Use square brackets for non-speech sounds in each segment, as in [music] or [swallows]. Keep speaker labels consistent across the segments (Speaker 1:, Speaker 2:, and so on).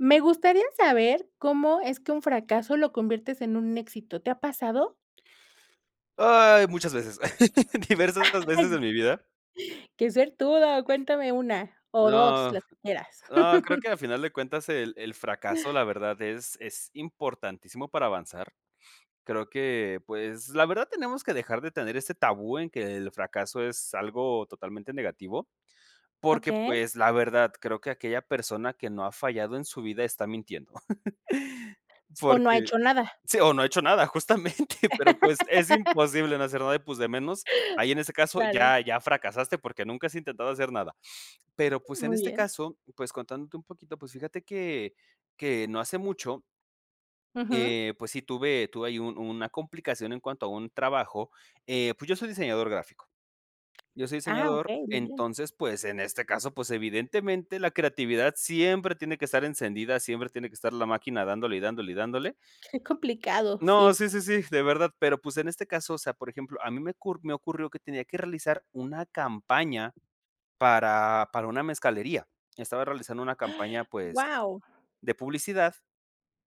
Speaker 1: Me gustaría saber, ¿cómo es que un fracaso lo conviertes en un éxito? ¿Te ha pasado?
Speaker 2: Ay, muchas veces. [laughs] Diversas
Speaker 1: [laughs]
Speaker 2: veces en
Speaker 1: Ay.
Speaker 2: mi vida.
Speaker 1: Que suertudo, cuéntame 1, o, 2,
Speaker 2: No,
Speaker 1: las que quieras.
Speaker 2: no, creo que a
Speaker 1: [laughs]
Speaker 2: final de cuentas el el fracaso, la
Speaker 1: [chuckles]
Speaker 2: verdad, es es importantísimo para avanzar. [sniffs] Creo que, pues, la verdad tenemos que dejar de tener ese tabú, en que el fracaso es algo totalmente negativo, porque,
Speaker 1: Okey.
Speaker 2: pues, la verdad creo que aquella persona, que no ha fallado en su vida está mintiendo. [laughs]
Speaker 1: O, no ha
Speaker 2: Porque,
Speaker 1: hecho nada.
Speaker 2: sí, o, no, ha hecho nada justamente, [chuckles] pero, pues, es
Speaker 1: [laughs]
Speaker 2: imposible no hacer nada, [sniffs] y pues, de menos ahí en ese caso,
Speaker 1: Claro.
Speaker 2: ya ya fracasaste, porque, nunca has intentado hacer nada. Pero, pues, en
Speaker 1: Muy
Speaker 2: este
Speaker 1: bien.
Speaker 2: caso, pues, contándote un poquito, pues, fíjate que que no hace mucho
Speaker 1: Ujú.
Speaker 2: eh, pues, sí tuve tuve ahí un una complicación en cuanto a un trabajo. Eh, pues, yo soy diseñador gráfico. Yo soy
Speaker 1: Ah,
Speaker 2: diseñador,
Speaker 1: okey, muy bien.
Speaker 2: entonces, pues, en este caso, pues, evidentemente la creatividad siempre tiene que estar encendida, siempre tiene que estar la máquina dándole, y dándole, y dándole
Speaker 1: Qué complicado,
Speaker 2: no,
Speaker 1: sí.
Speaker 2: sí, sí, sí, de verdad. Pero pues, en este caso, o sea, por ejemplo, a mí me ocur me ocurrió que tenía que realizar una campaña, para para una mezcalería. Estaba realizando una campaña, pues,
Speaker 1: ¡Guau!
Speaker 2: de publicidad,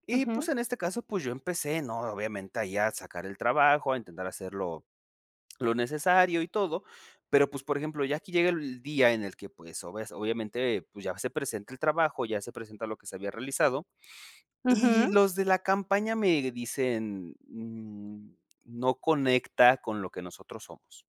Speaker 2: y pues,
Speaker 1: Ujú.
Speaker 2: en este caso, pues, yo empecé, ¿no? Obviamente ahí a sacar el trabajo, a intentar hacerlo lo necesario, y todo, pero, pues, por ejemplo ya aquí llega el día en el que, pues, o ves obviamente, pues, ya se presenta el trabajo, ya se presenta lo que se había realizado, y
Speaker 1: Ujú.
Speaker 2: los de la campaña me dicen: "N no conecta con lo que nosotros somos".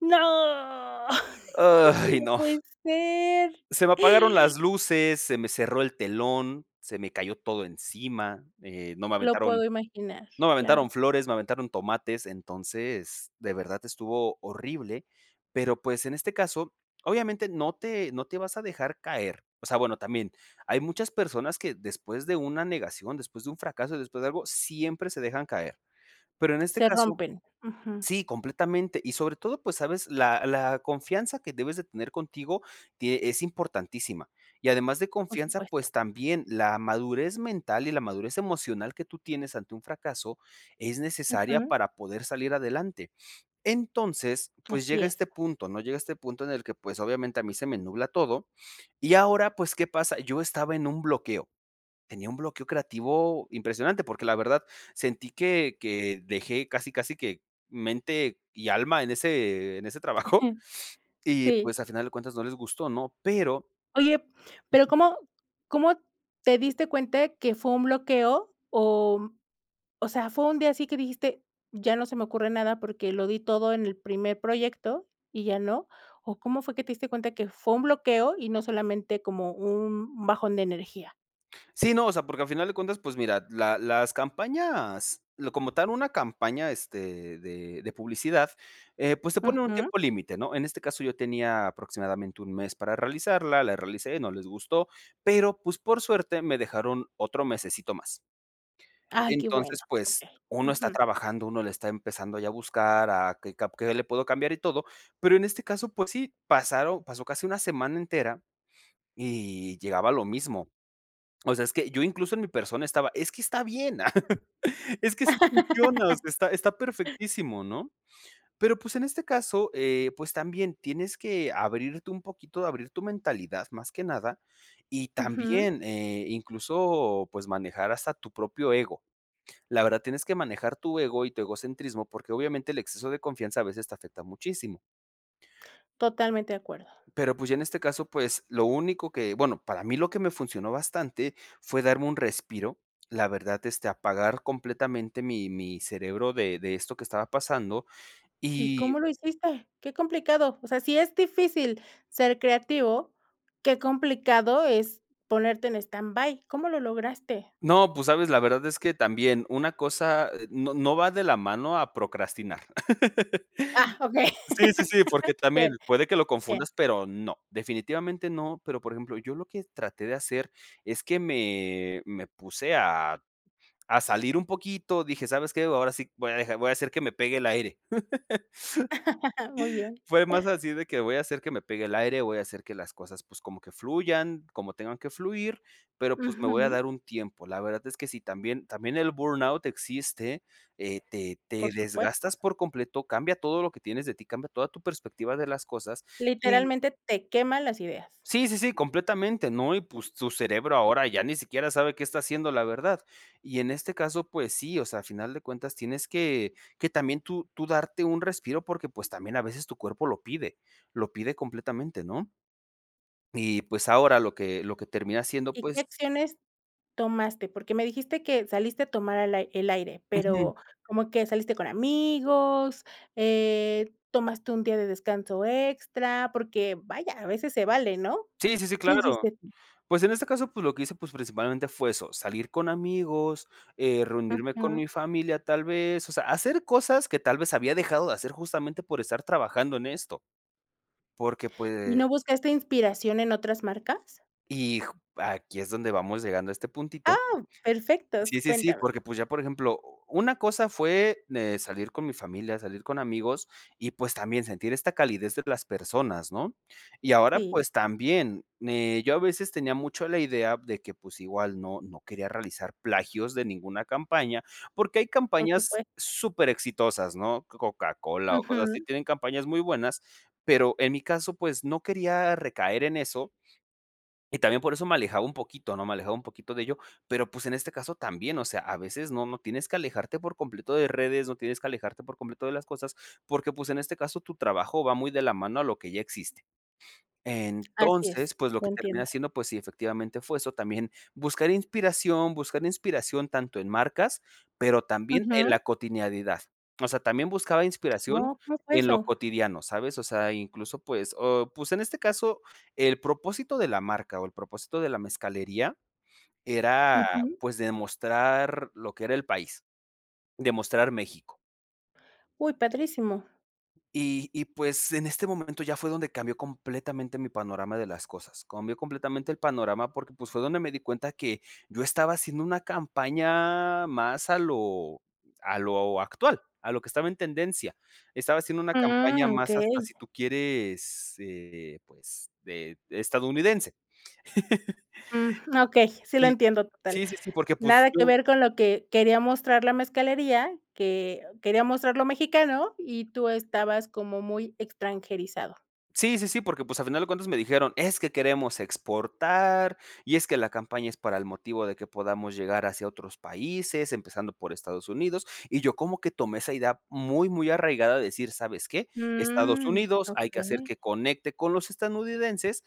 Speaker 1: No. [laughs]
Speaker 2: Ay
Speaker 1: No
Speaker 2: no.
Speaker 1: puede ser.
Speaker 2: Se me apagaron las luces, se me cerró el telón, se me cayó todo encima, eh, no me
Speaker 1: Lo
Speaker 2: aventaron
Speaker 1: puedo imaginar,
Speaker 2: no me
Speaker 1: claro.
Speaker 2: aventaron flores, me aventaron tomates. Entonces, de verdad estuvo horrible, pero, pues, en este caso obviamente no te no te vas a dejar caer. O sea, bueno también, hay muchas personas que después de una negación, después de un fracaso, después de algo, siempre se dejan caer. Pero, en este
Speaker 1: Se
Speaker 2: caso
Speaker 1: rompen. Ujú.
Speaker 2: Sí, completamente y sobre todo, pues, sabes la la confianza que debes de tener contigo, tie es importantísima, y además de
Speaker 1: Por
Speaker 2: confianza,
Speaker 1: supuesto.
Speaker 2: pues, también la madurez mental, y la madurez emocional, que tú tienes ante un fracaso, es necesaria
Speaker 1: Ujú.
Speaker 2: para poder salir adelante. Entonces, pues,
Speaker 1: Así
Speaker 2: llega
Speaker 1: es.
Speaker 2: este punto, ¿no? Llega este punto en el que, pues, obviamente, a mí se me nubla todo, y ahora pues, ¿qué pasa? Yo estaba en un bloqueo, tenía un bloqueo creativo, impresionante, porque, la verdad sentí que que dejé, casi casi que mente y alma, en ese en ese trabajo,
Speaker 1: [chuckles]
Speaker 2: [sniffs] y
Speaker 1: Sí.
Speaker 2: pues, al final de cuentas no les gustó, ¿no? Pero
Speaker 1: Oye, pero,
Speaker 2: [chuckles]
Speaker 1: ¿cómo cómo te diste cuenta que fue un bloqueo? Oh, mm, o sea, fue un día así que dijiste: "Ya no se me ocurre nada, porque, lo di todo en el primer proyecto, y ya", ¿no? O, ¿cómo fue que te diste cuenta, que fue un bloqueo, y no solamente como un bajón de energía?
Speaker 2: Sí, no, o sea, porque, al final de cuentas, pues mira, la las campañas lo como tal, una campaña, este, de de publicidad, eh, pues, se pone en un
Speaker 1: Ujú.
Speaker 2: tiempo límite, ¿no? En este caso, yo tenía aproximadamente, 1, mes para realizarla, la realicé, y no les gustó. Pero pues, por suerte, me dejaron otro mesecito más.
Speaker 1: Ay, qué bueno.
Speaker 2: Entonces, pues,
Speaker 1: Okey.
Speaker 2: uno está
Speaker 1: Ujú.
Speaker 2: trabajando, uno le está empezando, ya a buscar a qué cap qué le puedo cambiar y todo. Pero, en este caso, pues, sí, pasaron pasó casi una semana entera, [sniffs] y llegaba a lo mismo. [swallows] O sea es que yo, incluso, en mi persona, estaba, es que está bien. [laughs] Es que sí funciona, o sea, está está
Speaker 1: [laughs]
Speaker 2: perfectísimo, ¿no? Pero, pues, en este caso, eh, pues, también tienes que abrirte un poquito, abrir tu mentalidad más que nada, y
Speaker 1: Ujú.
Speaker 2: también, eh, incluso, pues, manejar hasta tu propio ego. La verdad tienes que manejar tu ego, y tu egocentrismo, porque, obviamente el exceso de confianza a veces te afecta muchísimo.
Speaker 1: Totalmente de acuerdo.
Speaker 2: Pero, pues, ya en este caso, pues, lo único que, bueno para mí lo que me funcionó bastante, fue darme un respiro, la verdad este apagar completamente mi mi cerebro de de esto que estaba pasando
Speaker 1: ¿Y
Speaker 2: y
Speaker 1: cómo lo hiciste? Qué complicado. O sea, si es difícil ser creativo, qué complicado es ponerte en standby, ¿cómo lo lograste?
Speaker 2: No, pues, ¿sabes? La verdad es que también una cosa, eh, no no va de la mano a procrastinar.
Speaker 1: Ah,
Speaker 2: [laughs]
Speaker 1: okey.
Speaker 2: Sí, sí, sí, porque,
Speaker 1: [laughs]
Speaker 2: también
Speaker 1: Bien,
Speaker 2: puede que lo
Speaker 1: bien.
Speaker 2: confundas, pero no. Definitivamente no, pero por ejemplo, yo lo que traté de hacer, es que me me puse a a salir un poquito, dije: "¿Sabes qué? Ahora sí, voy a dejar voy a hacer que me pegue el aire". [laughs]
Speaker 1: [laughs] Muy bien.
Speaker 2: Fue más así, de que voy a hacer que me pegue el aire, voy a hacer que las cosas, pues, como que fluyan, como tengan que fluir, pero pues, me voy a
Speaker 1: Ujú.
Speaker 2: dar un tiempo. La verdad es que sí, también también el burnout existe, eh, te te
Speaker 1: Por supuesto.
Speaker 2: desgastas por completo, cambia todo lo que tienes de ti, cambia toda tu perspectiva de las cosas, y
Speaker 1: Literalmente, te queman las ideas.
Speaker 2: sí, sí, sí, completamente, ¿no? Y pues, tu cerebro ahora ya ni siquiera sabe qué está haciendo la verdad. Y en este caso, pues sí, o sea, a final de cuentas tienes que que también, tú tú darte un respiro, porque, pues, también a veces tu cuerpo lo pide lo pide completamente, ¿no? Y pues, ahora lo que lo que termina siendo,
Speaker 1: ¿Y qué
Speaker 2: pues
Speaker 1: acciones tomaste? Porque, me dijiste que saliste a tomar el ai el aire,
Speaker 2: Ujú.
Speaker 1: pero, como que saliste con amigos, eh, tomaste un día de descanso extra, porque vaya, a veces se vale, ¿no?
Speaker 2: Sí, sí, sí,
Speaker 1: ¿Qué
Speaker 2: claro.
Speaker 1: hiciste tu?
Speaker 2: Pues, en este caso, pues, lo que hice, pues, principalmente fue eso, salir con amigos, eh, reunirme con
Speaker 1: Ajá.
Speaker 2: mi familia tal vez, o sea, hacer cosas que tal vez había dejado de hacer, justamente por estar trabajando en esto. Porque,
Speaker 1: ¿Y no
Speaker 2: pues
Speaker 1: buscaste inspiración en otras marcas?
Speaker 2: Y ju aquí es donde vamos llegando a este puntito.
Speaker 1: Ah, perfectos,
Speaker 2: Sí, sí, sí,
Speaker 1: cuéntame.
Speaker 2: porque pues, ya por ejemplo, u u una cosa fue, de salir con mi familia, salir con amigos, y pues, también sentir esta calidez de las personas, ¿no? Y ahora,
Speaker 1: Sí.
Speaker 2: pues también, eh, yo a veces tenía mucho la idea de que, pues, igual no no quería realizar plagios de ninguna campaña, porque, hay
Speaker 1: Por
Speaker 2: campañas
Speaker 1: supuesto.
Speaker 2: súper exitosas, ¿no? Coca Cola, o, cosas así
Speaker 1: Ujú.
Speaker 2: tienen campañas muy buenas, pero, en mi caso, pues, no quería recaer en eso y también, por eso me alejaba un poquito, ¿no? Me alejaba un poquito de ello, pero, pues, en este caso, también, o sea, a veces, no no tienes que alejarte por completo de redes, no tienes que alejarte por completo de las cosas, porque, pues, en este caso, tu trabajo va muy de la mano a lo que ya existe.
Speaker 1: Así
Speaker 2: Entonces,
Speaker 1: es,
Speaker 2: pues, lo
Speaker 1: lo
Speaker 2: que termina
Speaker 1: entiendo.
Speaker 2: siendo, pues, sí efectivamente fue eso, también buscar inspiración buscar inspiración tanto en marcas, pero, también en la
Speaker 1: Ujú.
Speaker 2: cotidianidad. O sea, también buscaba inspiración
Speaker 1: Oh, ¿cómo fue
Speaker 2: en lo
Speaker 1: eso?
Speaker 2: cotidiano ¿Sabes? O sea, incluso, pues, o, pues, en este caso el propósito de la marca, o, el propósito de la mezcalería era,
Speaker 1: Ujú.
Speaker 2: pues, demostrar lo que era el país, demostrar México.
Speaker 1: Uy, padrísimo.
Speaker 2: Y y pues, en este momento ya fue donde cambió completamente mi panorama de las cosas, cambió completamente el panorama porque, pues, fue donde me di cuenta, que yo estaba haciendo una campaña más a lo a lo actual, a lo que estaba en tendencia. Estaba haciendo una campaña
Speaker 1: Mm,
Speaker 2: más, hasta si
Speaker 1: okey.
Speaker 2: tú quieres, eh, pues de de estadounidense. [laughs]
Speaker 1: Mm, okey, sí lo
Speaker 2: Y
Speaker 1: entiendo total.
Speaker 2: sí, sí, sí, porque, pues,
Speaker 1: Nada que
Speaker 2: yo
Speaker 1: ver con lo que quería mostrar la mezcalería que quería mostrar lo mexicano y tú estabas como muy extranjerizado.
Speaker 2: Sí, sí, sí, porque, pues, al final de cuentas me dijeron: "Es que queremos exportar, y es que la campaña es para el motivo de que podamos llegar hacia otros países, empezando por Estados Unidos". Y yo como que tomé esa idea muy muy arraigada de decir: "¿Sabes qué?, Estados
Speaker 1: Mm,
Speaker 2: Unidos, hay que hacer
Speaker 1: okey.
Speaker 2: que conecte con los estadounidenses",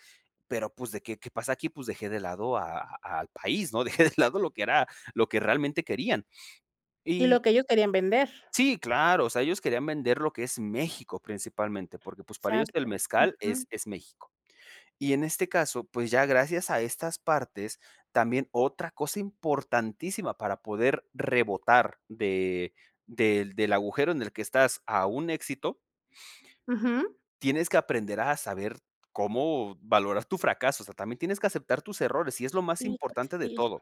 Speaker 2: pero, pues, de que, ¿qué pasa aquí?, pues dejé de lado a a al país, ¿no? Dejé de lado lo que era, lo que realmente querían.
Speaker 1: Y
Speaker 2: Y
Speaker 1: lo que ellos querían vender.
Speaker 2: Sí, claro, o sea, ellos querían vender lo que es México principalmente, porque, pues, para ellos el
Speaker 1: Exacto,
Speaker 2: mezcal
Speaker 1: ujú.
Speaker 2: es es México. Y en este caso, pues, ya gracias a estas partes también otra cosa importantísima para poder rebotar de del del agujero en el que estás a un éxito
Speaker 1: Ujú.
Speaker 2: tienes que aprender a saber cómo valorar tu fracaso, o sea, también tienes que aceptar tus errores, y es lo más
Speaker 1: Híjole,
Speaker 2: importante de
Speaker 1: sí.
Speaker 2: todo.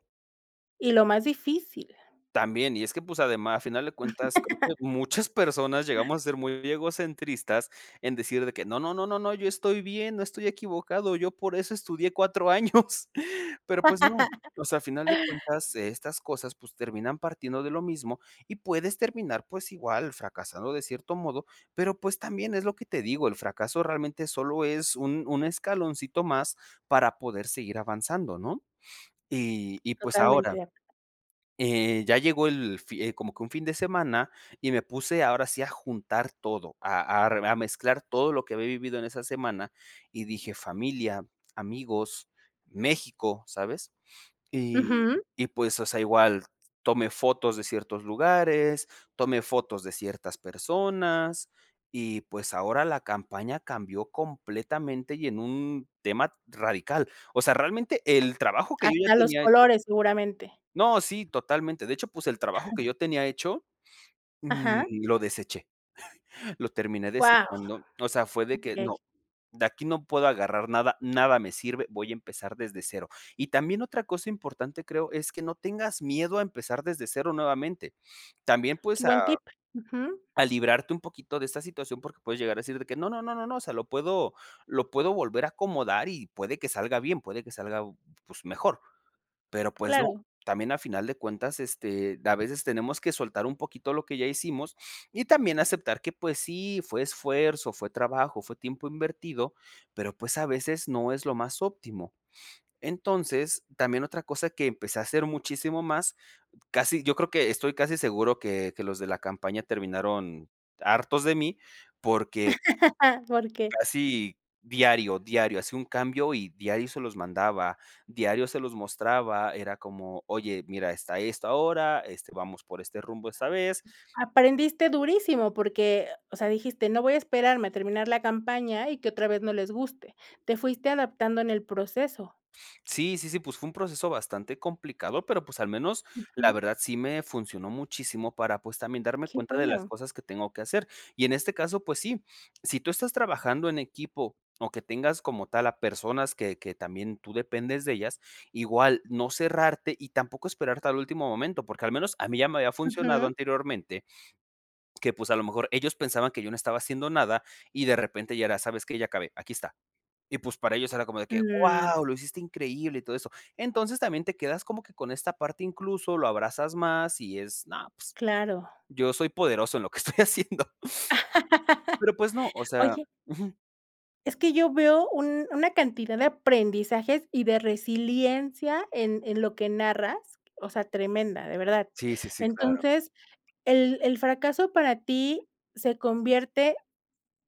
Speaker 1: Y lo más difícil.
Speaker 2: También, y es que, pues, ademá a final de cuentas, creo que
Speaker 1: [laughs]
Speaker 2: muchas personas llegamos
Speaker 1: [laughs]
Speaker 2: a ser muy egocentristas en decir de que no, no, no, no, no, yo estoy bien, no estoy equivocado, yo por eso estudié 4 años, [laughs] pero, pues no, o sea, a final de cuentas
Speaker 1: [laughs]
Speaker 2: estas cosas, pues, terminan partiendo de lo mismo y puedes terminar, pues, igual, fracasado de cierto modo, pero, pues, también es lo que te digo, el fracaso realmente solo es un un escaloncito más para poder seguir avanzando, ¿no? Y y pues
Speaker 1: Totalmente
Speaker 2: ahora
Speaker 1: de acuerdo.
Speaker 2: eh, ya llegó el fi como que un fin de semana, y me puse ahora sí a juntar todo, a a rev a mezclar todo lo que había vivido en esa semana, y dije: "Familia, amigos, México", ¿sabes? Y
Speaker 1: Ujú.
Speaker 2: y pues, o sea, igual tomé fotos de ciertos lugares, tomé fotos de ciertas personas, y pues, ahora la campaña cambió completamente y en un tema radical. O sea, realmente el trabajo que yo ya
Speaker 1: Hasta los
Speaker 2: tenía hecho
Speaker 1: colores seguramente.
Speaker 2: No, sí, totalmente, de hecho, pues, el trabajo que
Speaker 1: [laughs]
Speaker 2: yo tenía hecho,
Speaker 1: Ajá.
Speaker 2: mm, lo deseché, lo terminé
Speaker 1: Wao.
Speaker 2: desechando. O sea, fue de que
Speaker 1: Okey.
Speaker 2: no, de aquí no puedo agarrar nada, nada me sirve, voy a empezar desde 0. Y también otra cosa importante, creo, es que no tengas miedo a empezar desde 0 nuevamente. También
Speaker 1: Qué
Speaker 2: pues, a
Speaker 1: buen tip, ujú.
Speaker 2: a librarte un poquito de esta situación porque puedes llegar a decir de que no, no, no, no, no, o sea, lo puedo lo puedo volver a acomodar, y puede que salga bien, puede que salga b pues, mejor. Pero, pues, no,
Speaker 1: Claro.
Speaker 2: también a final de cuentas este, a veces tenemos que soltar un poquito lo que ya hicimos y también aceptar que, pues, sí fue esfuerzo, fue trabajo, fue tiempo invertido, pero, pues, a veces no es lo más óptimo. Entonces, también otra cosa que empecé a hacer muchísimo más; casi yo creo que estoy casi seguro que que los de la campaña terminaron hartos de mí porque
Speaker 1: [laughs] ¿Porque?
Speaker 2: casi diario, diario hacía un cambio y diario se los mandaba, diario se los mostraba. Era como: "Oye, mira, está esto ahora, este, vamos por este rumbo esta vez".
Speaker 1: Aprendiste durísimo porque, o sea, dijiste: "No voy a esperarme a terminar la campaña y que otra vez no les guste". Te fuiste adaptando en el proceso.
Speaker 2: Sí, sí, sí, pues, fue un proceso bastante complicado, pero, pues, al menos la
Speaker 1: Ujú.
Speaker 2: verdad sí me funcionó muchísimo para, pues, también darme
Speaker 1: ¡Qué
Speaker 2: cuenta de las
Speaker 1: bueno!
Speaker 2: cosas que tengo que hacer, y en este caso, pues sí. Si tú estás trabajando en equipo o que tengas como tal a personas que que también tú dependes de ellas, igual no cerrarte y tampoco esperarte al último momento, porque al menos a mí ya me había funcionado
Speaker 1: Ujú.
Speaker 2: anteriormente que, pues, a lo mejor ellos pensaban que yo no estaba haciendo nada, y de repente ya era: "¿Sabes qué? Ya acabé, aquí está". Y pues, para ellos era como de que:
Speaker 1: Mm.
Speaker 2: "¡Wao, lo hiciste increíble!", y todo eso. Entonces también te quedas como que con esta parte, incluso lo abrazas más y es: "No, pues,
Speaker 1: Claro.
Speaker 2: yo soy poderoso en lo que estoy haciendo". [sniffs]
Speaker 1: [laughs]
Speaker 2: Pero, pues no, o sea
Speaker 1: Oye
Speaker 2: Ujú.
Speaker 1: es que yo veo un una cantidad de aprendizajes y de resiliencia en en lo que narras, o sea, tremenda, de verdad.
Speaker 2: Sí, sí, sí, claro.
Speaker 1: Entonces, el el fracaso para ti ¿se convierte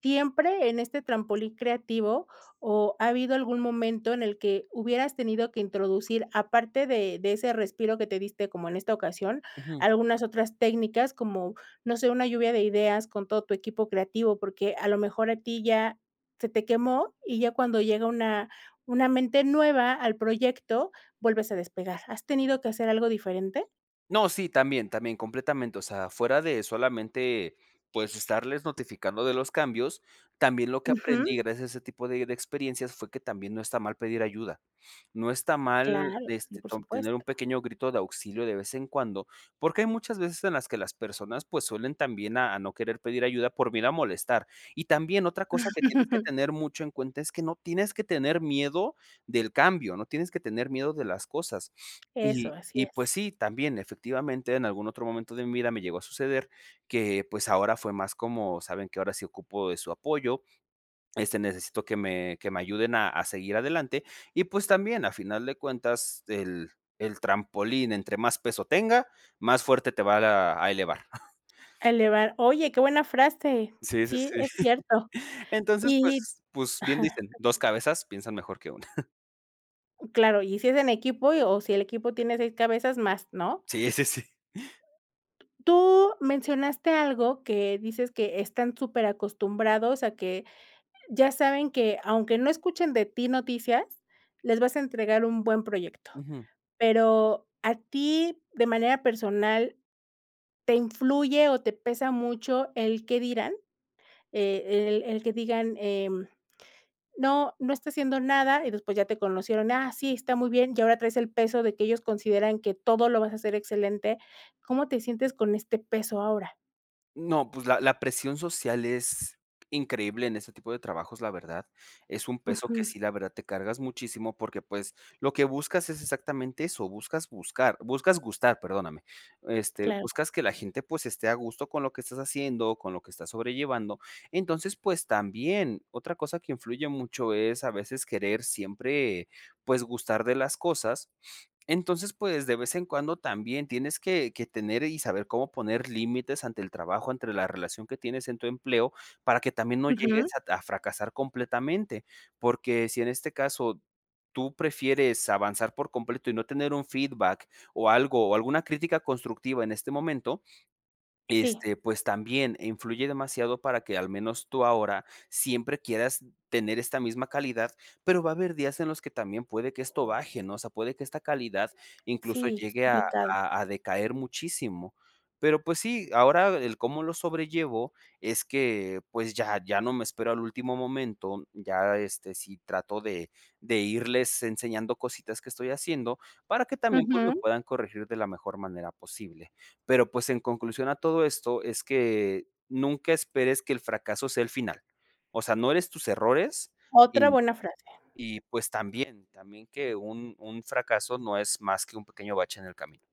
Speaker 1: siempre en este trampolín creativo o ha habido algún momento en el que hubieras tenido que introducir, aparte de de ese respiro que te diste como en esta ocasión,
Speaker 2: Ujú
Speaker 1: algunas otras técnicas, como, no sé, una lluvia de ideas con todo tu equipo creativo? Porque a lo mejor a ti ya se te quemó y ya cuando llega una una mente nueva al proyecto, vuelves a despegar. ¿Has tenido que hacer algo diferente?
Speaker 2: No, sí. También, también, completamente, o sea, fuera de solamente, pues, estarles notificando de los cambios, también lo que
Speaker 1: Ujú.
Speaker 2: aprendí, gracias a ese tipo de de experiencias, fue que también no está mal pedir ayuda, no está mal,
Speaker 1: Claro. Sí,
Speaker 2: este,
Speaker 1: por
Speaker 2: tom tener un
Speaker 1: supuesto.
Speaker 2: pequeño grito de auxilio de vez en cuando, porque hay muchas veces en las que las personas, pues, suelen también a a no querer pedir ayuda por miedo a molestar. Y también otra cosa que tienes que
Speaker 1: [chuckles]
Speaker 2: tener mucho en cuenta, es que no tienes que tener miedo del cambio, no tienes que tener miedo de las cosas. Y
Speaker 1: Eso, así
Speaker 2: y, pues,
Speaker 1: es.
Speaker 2: sí, también, efectivamente, en algún otro momento de mi vida me llegó a suceder, que, pues ahora fue más como: "¿Saben qué?, ahora sí ocupo de su apoyo, este, necesito que me que me ayuden a a seguir adelante". Y, pues, también, a final de cuentas, el el trampolín entre más peso tenga, más fuerte te va ra a elevar. [giggles]
Speaker 1: A elevar. Oye, qué buena frase.
Speaker 2: Sí, sí,
Speaker 1: Sí,
Speaker 2: sí.
Speaker 1: es
Speaker 2: [chuckles]
Speaker 1: cierto.
Speaker 2: Entonces,
Speaker 1: Y
Speaker 2: pues pues bien
Speaker 1: ajá,
Speaker 2: dicen:
Speaker 1: te
Speaker 2: "2
Speaker 1: escucho.
Speaker 2: cabezas piensan mejor que 1". [giggles]
Speaker 1: Claro. Y si es en equipo, y o si el equipo tiene 6 cabezas más, ¿no?
Speaker 2: Sí, sí, sí.
Speaker 1: Tú mencionaste algo, que dices que están súper acostumbrados a que ya saben, que aunque no escuchen de ti noticias, les vas a entregar un buen proyecto.
Speaker 2: Ujú.
Speaker 1: Pero a ti, de manera personal, ¿te influye o te pesa mucho el qué dirán? Eh, el el que digan, em, no no está haciendo nada, y después ya te conocieron: "Ah, sí, está muy bien," y ahora traes el peso de que ellos consideran que todo lo vas a hacer excelente. ¿Cómo te sientes con este peso ahora?
Speaker 2: No pues la la presión social es increíble en ese tipo de trabajos la verdad. Es un peso que
Speaker 1: Ujú.
Speaker 2: sí la verdad te cargas muchísimo, porque pues lo que buscas es exactamente eso, buscas buscar, buscas gustar, perdóname, este,
Speaker 1: Claro.
Speaker 2: buscas que la gente pues esté a gusto con lo que estás haciendo, con lo que estás sobrellevando. Entonces pues también otra cosa que influye mucho es, a veces, querer siempre pues gustar de las cosas. Entonces, pues, de vez en cuando también tienes que que tener y saber cómo poner límites ante el trabajo, entre la relación que tienes en tu empleo para que también no
Speaker 1: Ujú.
Speaker 2: llegues a t a fracasar completamente. Porque si en este caso tú prefieres avanzar por completo y no tener un feedback o algo o alguna crítica constructiva en este momento,
Speaker 1: Sí.
Speaker 2: este, pues también influye demasiado para que, al menos tú ahora, siempre quieras tener esta misma calidad. Pero va a haber días en los que también puede que esto baje, ¿no? O sea, puede que esta calidad incluso
Speaker 1: Sí, es
Speaker 2: llegue a
Speaker 1: complicado.
Speaker 2: a a decaer muchísimo. Pero pues sí, ahora el cómo lo sobrellevo es que pues ya ya no me espero al último momento. Ya, este, sí trato de de irles enseñando cositas que estoy haciendo para que también, pues, me
Speaker 1: Ujú.
Speaker 2: puedan corregir de la mejor manera posible. Pero, pues, en conclusión a todo esto, es que nunca esperes que el fracaso sea el final, o sea, no eres tus errores.
Speaker 1: Otra
Speaker 2: Y
Speaker 1: buena frase.
Speaker 2: y pues también también que un un fracaso no es más que un pequeño bache en el camino.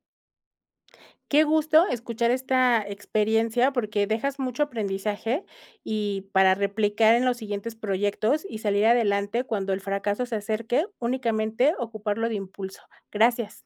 Speaker 1: Qué gusto escuchar esta experiencia, porque dejas mucho aprendizaje y para replicar en los siguientes proyectos y salir adelante cuando el fracaso se acerque únicamente ocuparlo de impulso, gracias.